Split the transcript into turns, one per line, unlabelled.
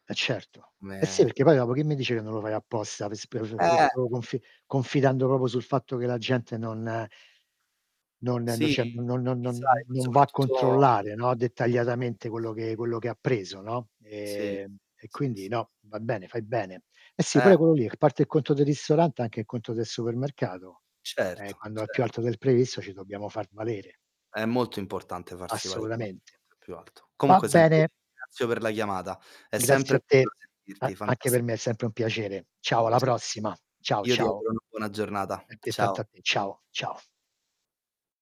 Eh certo. Eh sì,
Eh.
perché poi dopo chi mi dice che non lo fai apposta. [unintelligible]
Eh.
Confi confidando proprio sul fatto che la gente non non non
Sì.
c'è n non non
Sai,
non
poi
non va a
soprattutto
controllare, no,
[unintelligible]
dettagliatamente quello che quello che ha preso, no.
Sì,
Ehm, e quindi
s
no, va bene, fai bene. Eh sì pure
Eh.
quello lì, r parte il conto del ristorante anche il conto del supermercato, ehm,
Certo.
quando è più
Certo.
alto del previsto ci dobbiamo far valere.
È molto importante farsi valere
Assolutamente.
[unintelligible] è più alto.
Va
Comunque senti, io
bene.
ti ringrazio per la chiamata. È
Grazie
sempre
a
bello
te, a
sentirti
anche per me è
[unintelligible]
sempre un piacere. Ciao, alla
[unintelligible]
prossima. Ciao
Io ti
ciao.
auguro una buona giornata.
Altrettanto
Ciao.
a te. Ciao, ciao.